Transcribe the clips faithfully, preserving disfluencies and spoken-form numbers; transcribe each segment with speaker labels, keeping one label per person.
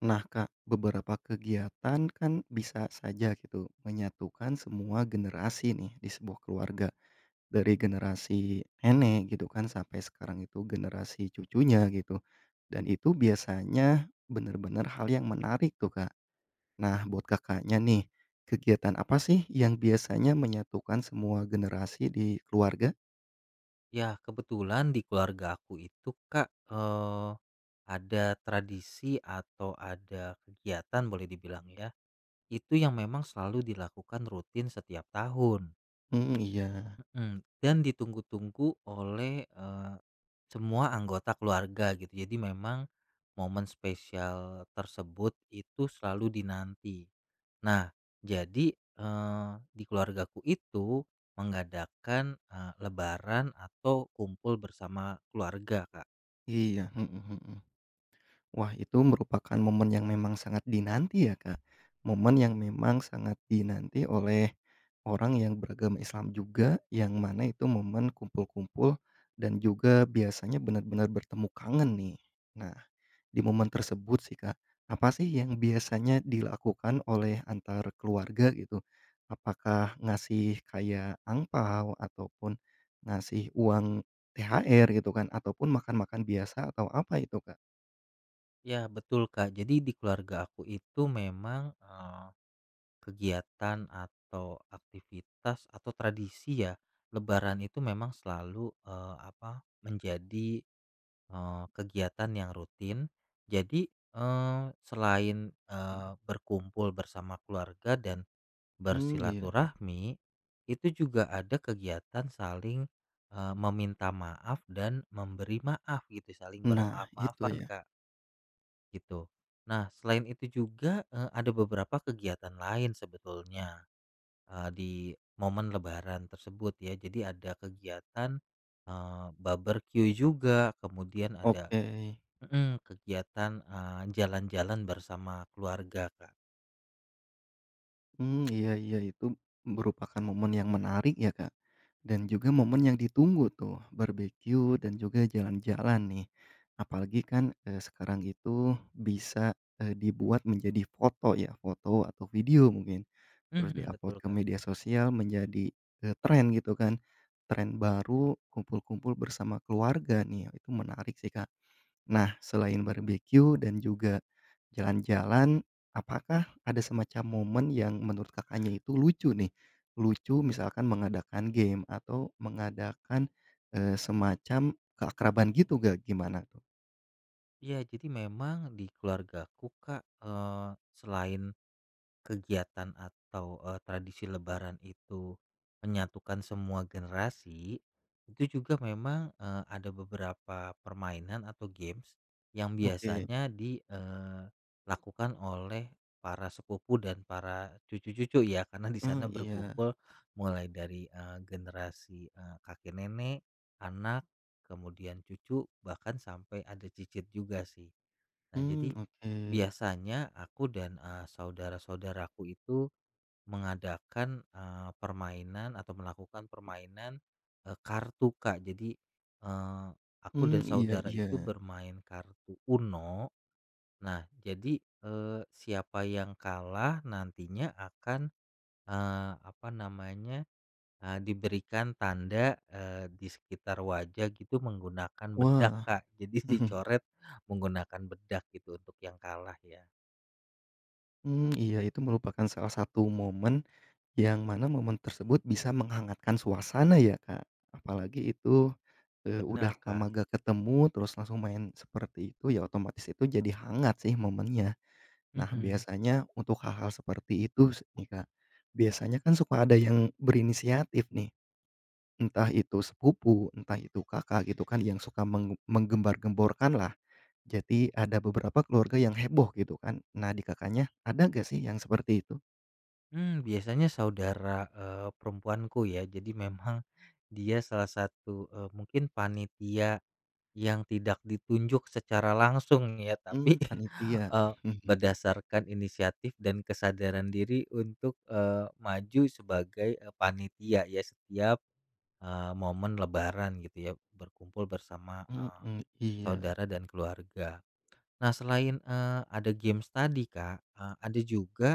Speaker 1: Nah, Kak, beberapa kegiatan kan bisa saja gitu menyatukan semua generasi, nih, di sebuah keluarga, dari generasi nenek, gitu kan, sampai sekarang itu generasi cucunya, gitu, dan itu biasanya benar-benar hal yang menarik tuh, Kak. Nah, buat Kakaknya, nih, kegiatan apa sih yang biasanya menyatukan semua generasi di keluarga?
Speaker 2: Ya, kebetulan di keluargaku itu, Kak, eee, ada tradisi atau ada kegiatan, boleh dibilang ya, itu yang memang selalu dilakukan rutin setiap tahun.
Speaker 1: Hmm, iya.
Speaker 2: Mhm, dan ditunggu-tunggu oleh, eee, semua anggota keluarga gitu, jadi memang momen spesial tersebut itu selalu dinanti. Nah, jadi, eee, di keluargaku itu mengadakan, eee, lebaran atau kumpul bersama keluarga, Kak.
Speaker 1: Iya, mhm mhm. Wah, itu merupakan momen yang memang sangat dinanti ya, Kak. Momen yang memang sangat dinanti oleh orang yang beragam Islam juga, yang mana itu momen kumpul-kumpul dan juga biasanya benar-benar bertemu kangen, nih. Nah, di momen tersebut sih, Kak, apa sih yang biasanya dilakukan oleh antar keluarga gitu? Apakah ngasih kayak angpao, ataupun ngasih uang THR, gitu kan, ataupun makan-makan biasa, atau apa itu, Kak?
Speaker 2: Ya, betul, Kak. Jadi di keluarga aku itu memang, eee, kegiatan atau aktivitas atau tradisi ya, Lebaran itu memang selalu, eee, apa, menjadi, eee, kegiatan yang rutin. Jadi, eee, selain, eee,
Speaker 1: Mmm.
Speaker 2: berkumpul bersama keluarga dan
Speaker 1: Mmm, iya.
Speaker 2: bersilaturahmi, itu juga ada kegiatan saling, eee, meminta maaf dan memberi maaf, gitu, saling
Speaker 1: Nah, itu
Speaker 2: bermaaf-maafan,
Speaker 1: ya?
Speaker 2: Kak. Gitu. Nah, selain itu juga, eee, ada beberapa kegiatan lain sebetulnya, eee, di momen lebaran tersebut, ya. Jadi ada kegiatan, eee, baberkyu juga, kemudian ada
Speaker 1: Oke.
Speaker 2: mhm, kegiatan, eee, jalan-jalan bersama keluarga, Kak.
Speaker 1: Mmm, iya iya, itu merupakan momen yang menarik ya, Kak, dan juga momen yang ditunggu tuh, barbekyu dan juga jalan-jalan nih. Apalagi kan, eee, sekarang itu bisa, eee, dibuat menjadi foto ya, foto atau video, mungkin terus
Speaker 2: Mhm, betul,
Speaker 1: di-upload ke
Speaker 2: Kak.
Speaker 1: media sosial, menjadi, eee, tren gitu kan. Tren baru kumpul-kumpul bersama keluarga nih ya, itu menarik sih, Kak. Nah, selain barbekyu dan juga jalan-jalan, apakah ada semacam momen yang menurut Kakaknya itu lucu, nih? Lucu misalkan mengadakan game atau mengadakan, eee, semacam keakraban gitu, nggak, gimana tuh?
Speaker 2: Iya, jadi memang di keluargaku, Kak, eee, selain kegiatan atau, eee, tradisi lebaran itu menyatukan semua generasi. Itu juga memang, eee, ada beberapa permainan atau games yang
Speaker 1: Oke.
Speaker 2: biasanya di eee, lakukan oleh para sepupu dan para cucu-cucu, ya. Karena di
Speaker 1: Eee,
Speaker 2: sana
Speaker 1: iya.
Speaker 2: berkumpul mulai dari, eee, generasi, eee, kakek-nenek, anak, kemudian cucu, bahkan sampe ada cicit juga, sih. Nah,
Speaker 1: Mmm,
Speaker 2: jadi
Speaker 1: oke.
Speaker 2: biasanya aku dan, eee, saudara-saudaraku itu mengadakan, eee, permainan atau melakukan permainan, eee, kartu, Kak. Jadi, eee, aku
Speaker 1: Mmm,
Speaker 2: dan
Speaker 1: iya
Speaker 2: saudara itu
Speaker 1: iya.
Speaker 2: bermain kartu Uno. Nah, jadi, eee, siapa yang kalah, nantinya akan, eee, apa namanya, eee, diberikan tanda, eee, di sekitar wajah gitu, menggunakan bedak,
Speaker 1: Wah.
Speaker 2: Kak. Jadi dicoret menggunakan bedak, gitu, untuk yang kalah, ya.
Speaker 1: Mmm, iya, itu merupakan salah satu momen, yang mana momen tersebut bisa menghangatkan suasana ya, Kak. Apalagi itu, eee, udah
Speaker 2: Bener, Kak.
Speaker 1: lama nggak ketemu, terus langsung main seperti itu, ya otomatis itu, jadi hangat sih momennya. Nah,
Speaker 2: Mhm.
Speaker 1: biasanya untuk hal-hal seperti itu s nih, Kak, biasanya kan suka ada yang berinisiatif nih, entah itu sepupu, entah itu Kakak, gitu kan, yang suka menge menggembar-gemborkan lah. Jadi ada beberapa keluarga yang heboh, gitu kan. Nah, di Kakaknya ada nggak sih, yang seperti itu?
Speaker 2: Mmm, biasanya saudara, eee, perempuanku, ya. Jadi memang dia salah satu, eee, mungkin panitia, yang tidak ditunjuk secara langsung ya, tapi,
Speaker 1: Mmm, panitia?
Speaker 2: eee, berdasarkan inisiatif dan kesadaran diri untuk, eee, maju sebagai, eee, panitia ya, setiap, eee, momen lebaran, gitu ya, berkumpul bersama, eee,
Speaker 1: Mhm, iya.
Speaker 2: saudara dan keluarga. Nah, selain, eee, ada games tadi, Kak, eee, ada juga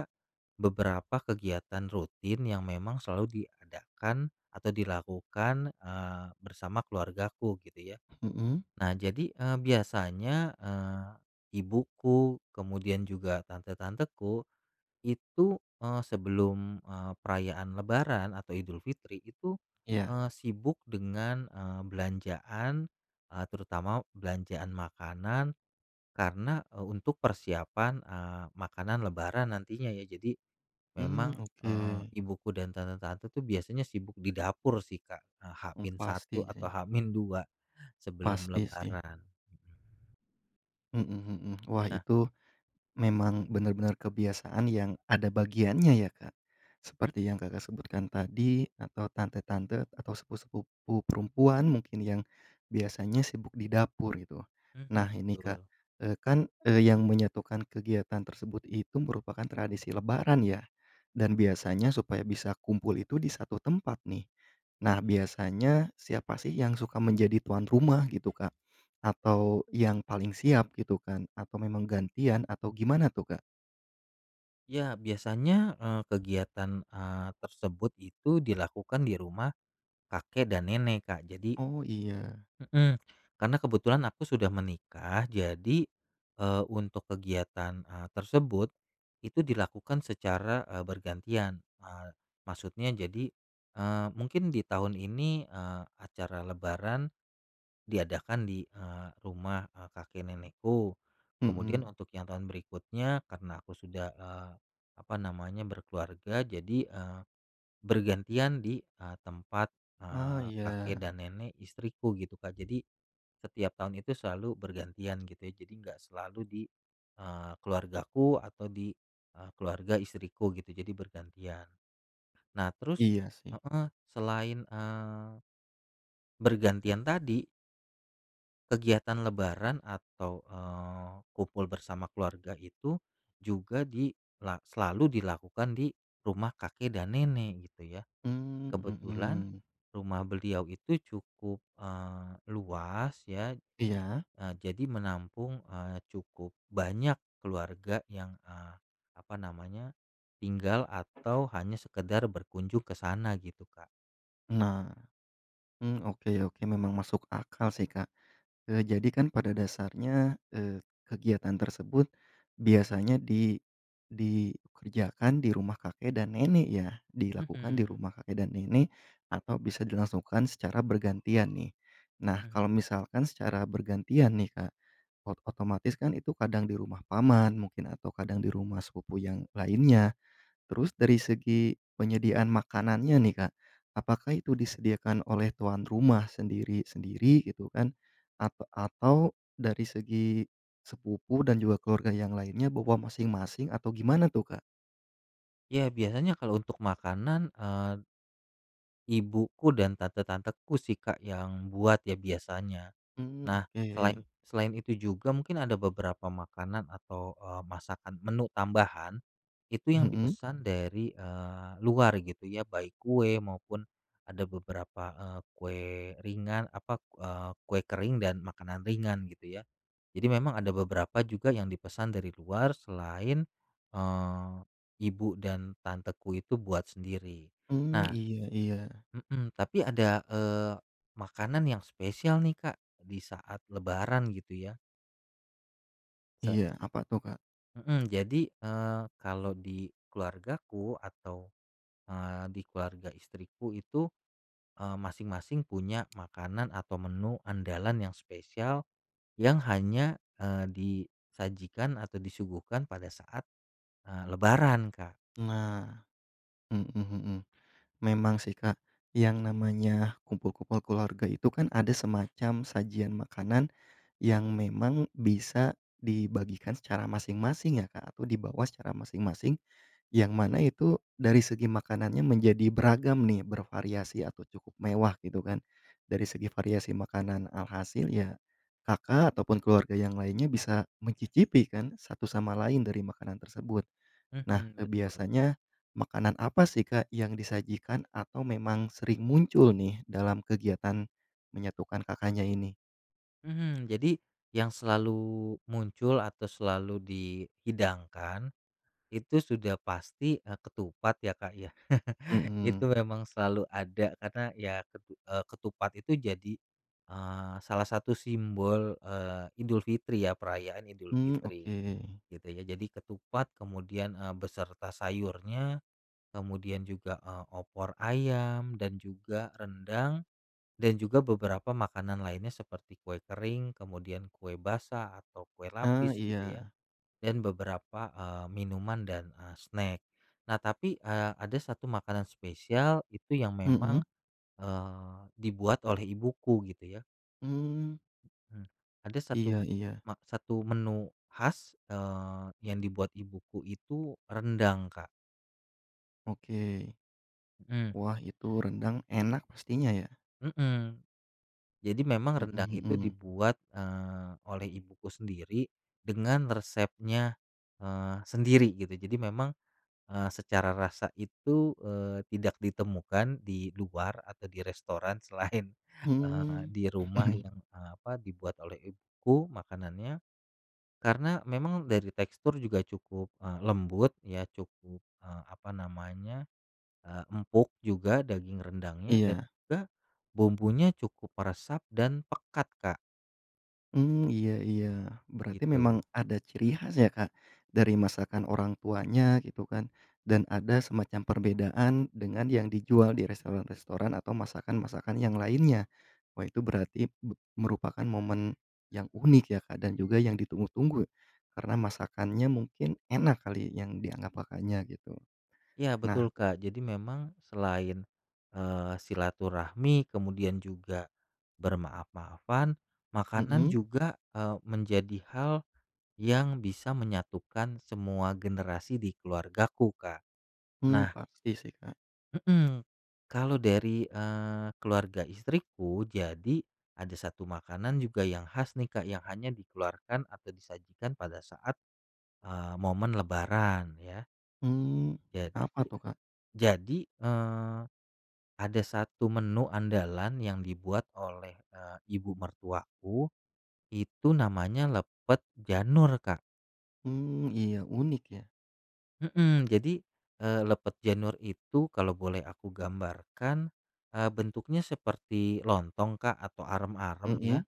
Speaker 2: beberapa kegiatan rutin yang memang selalu diadakan atau dilakukan, eee, bersama keluargaku, gitu ya.
Speaker 1: Mhm.
Speaker 2: Nah, jadi, eee, biasanya, eee, ibuku, kemudian juga tante-tanteku, itu, eee, sebelum, eee, perayaan lebaran atau Idulfitri itu,
Speaker 1: Iya.
Speaker 2: eee, sibuk dengan, eee, belanjaan, eee, terutama belanjaan makanan, karena, eee, untuk persiapan, eee, makanan lebaran, nantinya ya. Jadi
Speaker 1: Mmm,
Speaker 2: memang, eee,
Speaker 1: oke.
Speaker 2: ibuku dan tante-tante tuh, biasanya sibuk di dapur, sih, Kak, eee, h
Speaker 1: Mmm,
Speaker 2: min satu
Speaker 1: pasti sih.
Speaker 2: atau h min dua sebelum
Speaker 1: Pasti sih.
Speaker 2: Lebaran. Mhm.
Speaker 1: Mhm mhm. Wah,
Speaker 2: Nah
Speaker 1: itu memang benar-benar kebiasaan yang ada bagiannya ya, Kak.
Speaker 2: Mmm.
Speaker 1: Seperti yang Kakak sebutkan tadi, atau tante-tante, atau sepupu-sepupu perempuan mungkin yang biasanya sibuk di dapur, gitu.
Speaker 2: Mhm,
Speaker 1: Nah, ini, Kak,
Speaker 2: betul.
Speaker 1: eee, kan, eee, yang menyatukan kegiatan tersebut itu merupakan tradisi lebaran, ya. Dan biasanya supaya bisa kumpul itu di satu tempat nih. Nah, biasanya siapa sih, yang suka menjadi tuan rumah gitu, Kak, atau yang paling siap, gitu kan, atau memang gantian, atau gimana tuh, Kak?
Speaker 2: Iya, biasanya, eee, kegiatan, eee, tersebut itu dilakukan di rumah kakek dan nenek, Kak, jadi
Speaker 1: Oh, iya.
Speaker 2: Mhm, karena kebetulan aku sudah menikah. Jadi, eee, untuk kegiatan, eee, tersebut itu dilakukan secara, eee, bergantian. Eee, maksudnya jadi, eee, mungkin ditahun ini, eee, acara lebaran diadakan di, eee, rumah, eee, kakek nenekku. Kemudian
Speaker 1: Mhm.
Speaker 2: untuk yang tahun berikutnya, karena aku sudah, eee, apa namanya, berkeluarga, jadi, eee, bergantian di, eee, tempat,
Speaker 1: Ah,
Speaker 2: eee, kakek
Speaker 1: iya.
Speaker 2: dan nenek istriku, gitu Kak. Jadi setiap tahun itu selalu bergantian, gitu ya. Jadi nggak selalu di eee, keluargaku atau di eee, keluarga istriku gitu, jadi bergantian. Nah, terus
Speaker 1: Iya, sih.
Speaker 2: heeh, selain, eee, bergantian tadi kegiatan lebaran atau, eee, kumpul bersama keluarga itu juga dilak selalu dilakukan, di rumah kakek dan nenek, gitu ya.
Speaker 1: Mmm,
Speaker 2: Kebetulan
Speaker 1: mhm.
Speaker 2: rumah beliau itu cukup, eee, luas, ya.
Speaker 1: Iya?
Speaker 2: Eee, jadi menampung, eee, cukup banyak keluarga yang, eee, apa namanya, tinggal atau hanya sekadar berkunjung, ke sana, gitu, Kak.
Speaker 1: Nah, hmm, oke oke, memang masuk akal sih, Kak. Eee, jadi kan pada dasarnya, eee, kegiatan tersebut biasanya di dikerjakan di rumah kakek dan nenek, ya. Dilakukan di
Speaker 2: Mhm.
Speaker 1: rumah kakek dan nenek, atau bisa dilangsungkan secara bergantian, nih. Nah,
Speaker 2: Mhm.
Speaker 1: kalau misalkan secara bergantian nih, Kak, ot otomatis kan itu kadang di rumah paman, mungkin, atau kadang di rumah sepupu yang lainnya. Terus dari segi penyediaan makanannya nih, Kak, apakah itu disediakan oleh tuan rumah sendiri-sendiri, gitu kan, at atau dari segi sepupu dan juga keluarga yang lainnya bawa masing-masing atau gimana tuh, Kak?
Speaker 2: Ya, biasanya kalau untuk makanan, eee ibuku dan tante-tanteku sih, Kak, yang buat ya, biasanya.
Speaker 1: Mmm,
Speaker 2: Nah, selain
Speaker 1: oke.
Speaker 2: selain itu juga mungkin ada beberapa makanan, atau, eee, masakan menu tambahan, itu yang
Speaker 1: Mhm.
Speaker 2: dipesan dari, eee, luar gitu ya, baik kue maupun ada beberapa, eee, kue ringan apa, eee, kue kering dan makanan ringan, gitu ya. Jadi memang ada beberapa juga yang dipesan dari luar selain, eee, ibu dan tanteku itu buat sendiri.
Speaker 1: Mmm,
Speaker 2: Nah
Speaker 1: iya iya.
Speaker 2: mhm, tapi, ada, eee, makanan yang spesial nih, Kak, di saat lebaran, gitu ya. Sa
Speaker 1: Iya, apa tuh, Kak?
Speaker 2: Mhm, jadi, eee, kalau di keluargaku atau, eee, di keluarga istriku itu, eee, masing-masing punya makanan atau menu andalan yang spesial, yang hanya, eee, disajikan atau disuguhkan pada saat, eee, lebaran, Kak.
Speaker 1: Nah, mhm mhm. Memang sih, Kak, yang namanya kumpul-kumpul keluarga itu kan ada semacam sajian makanan yang memang bisa dibagikan secara masing-masing, ya, Kak, atau dibawa secara masing-masing. Yang mana itu dari segi makanannya, menjadi beragam nih, bervariasi, atau cukup mewah gitu kan, dari segi variasi makanan. Alhasil, ya, Kakak ataupun keluarga yang lainnya bisa mencicipi kan, satu sama lain dari makanan tersebut. Nah,
Speaker 2: Mhm,
Speaker 1: eee,
Speaker 2: betul.
Speaker 1: biasanya makanan apa sih, Kak, yang disajikan atau memang sering muncul nih, dalam kegiatan menyatukan Kakaknya ini?
Speaker 2: Mhm. Jadi yang selalu muncul atau selalu dihidangkan, itu sudah pasti, eee, ketupat ya, Kak, ya.
Speaker 1: Mhm.
Speaker 2: Itu emang selalu ada, karena ya, ketu eee, ketupat itu jadi, eee, salah satu simbol, eee, Idulfitri ya, perayaan
Speaker 1: Mhm,
Speaker 2: Idulfitri,
Speaker 1: oke.
Speaker 2: gitu ya. Jadi ketupat kemudian, eee, beserta sayurnya, kemudian juga, eee, opor ayam dan juga rendang dan juga beberapa makanan lainnya, seperti kue kering, kemudian kue basah atau kue
Speaker 1: Ah,
Speaker 2: lapis gitu ya,
Speaker 1: iya.
Speaker 2: dan beberapa, eee, minuman dan, eee, snack. Nah, tapi, eee, ada satu makanan spesial itu yang memang,
Speaker 1: Mhm.
Speaker 2: eee, dibuat oleh ibuku, gitu ya.
Speaker 1: Mmm.
Speaker 2: Mhm. Ada satu m
Speaker 1: Iya iya.
Speaker 2: mak satu menu khas, eee, yang dibuat ibuku itu rendang, Kak.
Speaker 1: Oke.
Speaker 2: Mhm.
Speaker 1: Wah, itu rendang enak mestinya, ya?
Speaker 2: Mhm. Jadi memang
Speaker 1: Mhm
Speaker 2: rendang itu
Speaker 1: mhm.
Speaker 2: dibuat, eee, oleh ibuku sendiri, dengan resepnya, eee, sendiri, gitu. Jadi memang, eee, secara rasa itu, eee, tidak ditemukan di luar atau di restoran selain, eee,
Speaker 1: Hmm.
Speaker 2: di rumah yang, eee, apa, yang dibuat oleh ibuku makanannya. Karena memang dari tekstur juga cukup, eee, lembut ya, cukup, eee, apa namanya, eee, empuk juga daging rendangnya dan
Speaker 1: Iya.
Speaker 2: juga bumbunya cukup meresap dan pekat, Kak.
Speaker 1: Mmm, iya iya. Berarti memang
Speaker 2: Gitu.
Speaker 1: ada ciri khas ya, Kak, dari masakan orang tuanya, gitu kan, dan ada semacam perbedaan dengan yang dijual di restoran-restoran atau masakan-masakan yang lainnya. Wah, itu berarti be merupakan momen yang unik, ya, Kak, dan juga yang ditunggu-tunggu, karena masakannya mungkin enak kali, yang dianggap Kakaknya, gitu.
Speaker 2: Iya,
Speaker 1: Nah
Speaker 2: betul Kak. Jadi memang selain, eee, silaturahmi, kemudian juga bermaaf-maafan, makanan
Speaker 1: Mhm.
Speaker 2: juga, eee, menjadi hal yang bisa menyatukan semua generasi di keluargaku, Kak.
Speaker 1: Mmm,
Speaker 2: Nah
Speaker 1: pasti sih, Kak.
Speaker 2: Mhm. Kalau dari, eee, keluarga istriku, jadi ada satu makanan juga yang khas nih, Kak, yang hanya dikeluarkan atau disajikan pada saat, eee, momen lebaran ya.
Speaker 1: Hmm,
Speaker 2: Jad
Speaker 1: apa tuh, Kak?
Speaker 2: jadi, eee, ada satu menu andalan yang dibuat oleh, eee, ibu mertuaku, itu namanya lepet janur, Kak.
Speaker 1: Hmm, iya, unik ya.
Speaker 2: Mhm, jadi, eee, lepet janur itu, kalau boleh aku gambarkan, eee, bentuknya seperti lontong, Kak, atau arem-arem ya,
Speaker 1: Mhm.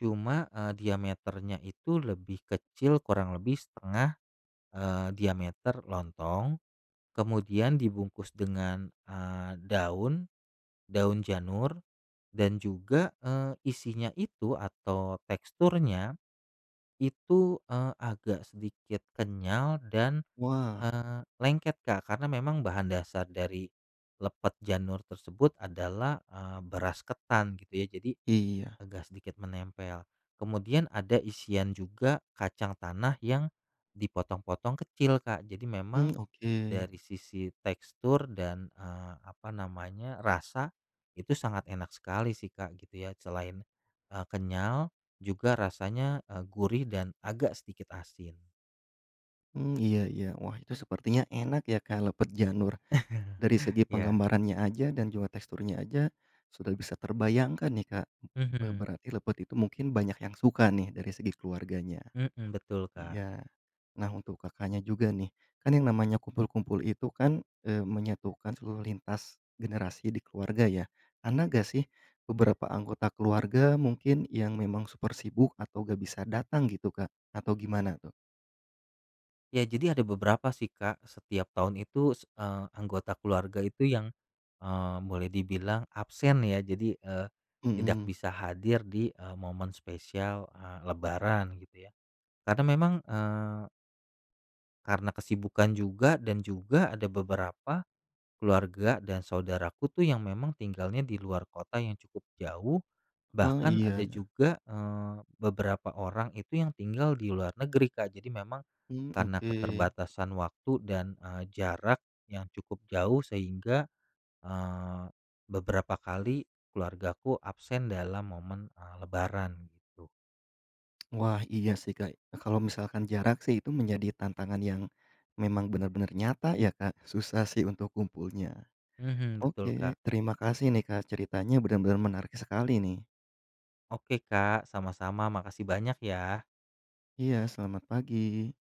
Speaker 2: cuma, eee, diameternya itu lebih kecil, kurang lebih setengah, eee, diameter lontong. Kemudian dibungkus dengan, eee, daun daun janur, dan juga, eee, isinya itu atau teksturnya, itu, eee, agak sedikit kenyal dan,
Speaker 1: Wah.
Speaker 2: eee, lengket, Kak. Karena memang bahan dasar dari lepet janur tersebut adalah, eee, beras ketan, gitu ya, jadi
Speaker 1: Iya.
Speaker 2: agak sedikit menempel. Kemudian ada isian juga kacang tanah yang dipotong-potong kecil, Kak. Jadi memang
Speaker 1: Mmm, oke.
Speaker 2: dari sisi tekstur dan, eee, apa namanya, rasa, itu sangat enak sekali sih, Kak, gitu ya. Selain, eee, kenyal, juga rasanya, eee, gurih, dan agak sedikit asin.
Speaker 1: Mmm, iya iya. Wah, itu sepertinya enak ya, Kak, lepet janur. Dari segi
Speaker 2: Ya.
Speaker 1: penggambarannya aja dan juga teksturnya aja sudah bisa terbayangkan nih, Kak. be
Speaker 2: Mhm.
Speaker 1: berarti lepet itu mungkin banyak yang suka nih, dari segi keluarganya.
Speaker 2: Mmm, betul, Kak.
Speaker 1: Iya. Nah, untuk Kakaknya juga nih, kan yang namanya kumpul-kumpul itu kan, eee, menyatukan seluruh lintas generasi di keluarga, ya. ada nggak sih, beberapa anggota keluarga mungkin yang memang super sibuk atau nggak bisa datang gitu, Kak, atau gimana tuh?
Speaker 2: Ya, jadi ada beberapa sih, Kak. Setiap tahun itu, se eee, anggota keluarga itu yang, eee, boleh dibilang absen ya. Jadi, eee, tidak
Speaker 1: Mhm.
Speaker 2: bisa hadir di, eee, momen spesial, eee, lebaran gitu ya. Karena memang, eee karena kesibukan juga dan juga ada beberapa keluarga dan saudaraku tuh yang memang tinggalnya di luar kota yang cukup jauh,
Speaker 1: Oh,
Speaker 2: bahkan ada
Speaker 1: iya nah.
Speaker 2: juga, eee, beberapa orang itu yang tinggal di luar negeri, Kak. Jadi memang
Speaker 1: Mmm,
Speaker 2: karena
Speaker 1: oke.
Speaker 2: keterbatasan waktu dan, eee, jarak yang cukup jauh, sehingga, eee, beberapa kali keluargaku absen dalam momen, eee, lebaran, gitu.
Speaker 1: Wah, iya sih, Kak, eee, kalau misalkan jarak sih, itu menjadi tantangan yang memang benar-benar nyata ya, Kak, susah sih untuk kumpulnya.
Speaker 2: Mhm, betul,
Speaker 1: Oke,
Speaker 2: Kak.
Speaker 1: terima kasih nih, Kak, ceritanya benar-benar menarik sekali nih.
Speaker 2: Oke, Kak. Sama-sama, makasih banyak, ya.
Speaker 1: Iya, selamat pagi.